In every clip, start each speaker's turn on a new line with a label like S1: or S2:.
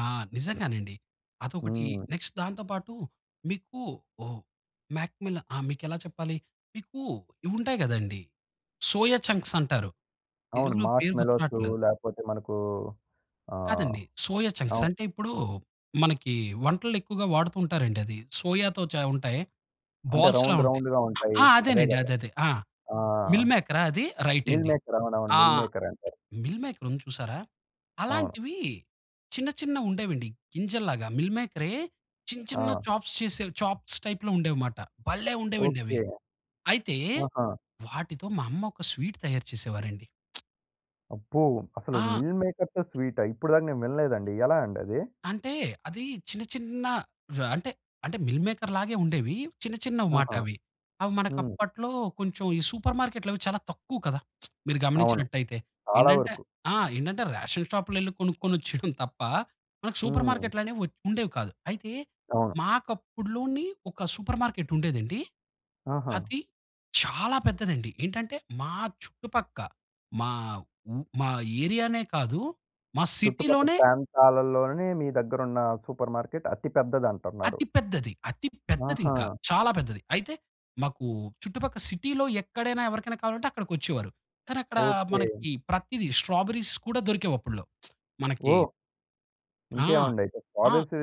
S1: ఆ! నిజంగానండి. అదొకటి.
S2: హ్మ్.
S1: నెక్స్ట్ దాంతో పాటు మీకు ఓహ్! మాక్‌మెలా ఆహ్, మీకెలా చెప్పాలి? మీకు ఇవుంటాయి గదండీ సోయా చంక్స్ అంటారు.
S2: అవును.
S1: తెలుగులో పేరు గుర్తు
S2: మార్ష్‌మెల్లోసు
S1: రాట్లేదు.
S2: లేపోతే మనకు ఆహ్,
S1: కాదండి. సోయా చంక్స్
S2: అవును.
S1: అంటే ఇప్పుడూ మనకి వంటల్లో ఎక్కువగా వాడుతుంటారండి అది. సోయాతో చ ఉంటాయి
S2: అంటే
S1: బాల్స్‌లా
S2: రౌండ్
S1: ఉంటాయి.
S2: రౌండ్‌గా ఉంటాయి.
S1: ఆ!
S2: అవే
S1: అదేనండి.
S2: గదా!
S1: అదే. అద ఆ!
S2: ఆ!
S1: మిల్ మేకరా అది? రైట్
S2: మిల్
S1: అండి.
S2: మేకర్ అవునవును.
S1: ఆ!
S2: మిల్ మేకర్ అంటారు.
S1: మిల్ మేకర్ ఉంది చూసారా!
S2: అవును.
S1: అలాంటివీ చిన్న చిన్నవుండేవండి. గింజలలాగా మిల్ మేకరే, చిన్న చిన్న
S2: ఆ!
S1: చాప్స్ చేసే చాప్స్ టైప్‌లో ఉండేవిమాట భల్లే ఉండేవండి అవి.
S2: ఓకే.
S1: అయితే
S2: ఆహా!
S1: వాటితో మా అమ్మ ఒక స్వీట్ తయారు చేసేవారండి.
S2: అబ్బో! అసలు
S1: ఆ!
S2: మిల్ మేకర్‌తో స్వీటా? ఇప్పుడి దాకా నేను వినలేదండి. ఎలా అండది?
S1: అంటే అదీ చిన్న చిన్న ర అంటే, అంటే మిల్ మేకర్ లాగే ఉండేవి. చిన్న చిన్నవి మాట
S2: ఆహా!
S1: అవి. అవి మనకు
S2: హ్మ్.
S1: అప్పట్లో కొంచెం ఈ సూపర్ మార్కెట్లు అవి చాలా తక్కువ కదా! మీరు
S2: అవును.
S1: గమనించినట్టయితే.
S2: చాలా
S1: ఏంటంటే
S2: వరకు.
S1: ఆ! ఏంటంటే రేషన్ షాప్‌లో యెళ్లి కొనుక్కొనిచ్చడం తప్ప మనకు సూపర్
S2: హ్మ్.
S1: మార్కెట్లనేవి వ ఉండేవి కాదు అయితే
S2: అవును.
S1: మాకు అప్పుడులోని ఒక సూపర్ మార్కెట్ ఉండేదండి.
S2: ఆహా!
S1: అది చాలా పెద్దదండి. ఏంటంటే మా చుట్టుపక్క మా ఉ మా ఏరియానే కాదు మా
S2: చుట్టుపక్క
S1: సిటీలోనే
S2: ప్రాంతాలలోనే మీ దగ్గరున్న సూపర్ మార్కెట్ అతి పెద్దదంటున్నారు.
S1: అతి పెద్దది. అతి పెద్దదింక.
S2: ఆహా!
S1: చాలా పెద్దది. అయితే మాకు చుట్టుపక్క సిటీలో ఎక్కడైనా ఎవరికైనా కావాలంటే అక్కడికొచ్చేవారు. కానీ అక్కడ
S2: ఓకే.
S1: మనకి ప్రతిది స్ట్రాబెర్రీస్ కూడా దొరికేవప్పుడ్లో. మనకి
S2: ఓహ్!
S1: ఆ!
S2: ఇంకేమండయితే స్ట్రా
S1: ఆ!
S2: బెర్రీస్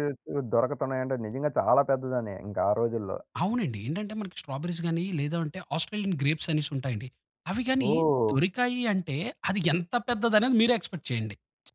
S2: దొరకుతున్నాయంటే నిజంగా చాలా పెద్దదనే ఇంకా ఆ రోజుల్లో.
S1: అవునండి. ఏంటంటే మనకి స్ట్రాబెర్రీస్ గాని లేదు అంటే ఆస్ట్రేలియన్ గ్రేప్స్ అనేసుంటాయండి అవి గాని
S2: ఓహ్!
S1: దొరికాయి అంటే అది ఎంత పెద్దదనేది మీరే ఎక్స్‌పెక్ట్ చేయండి.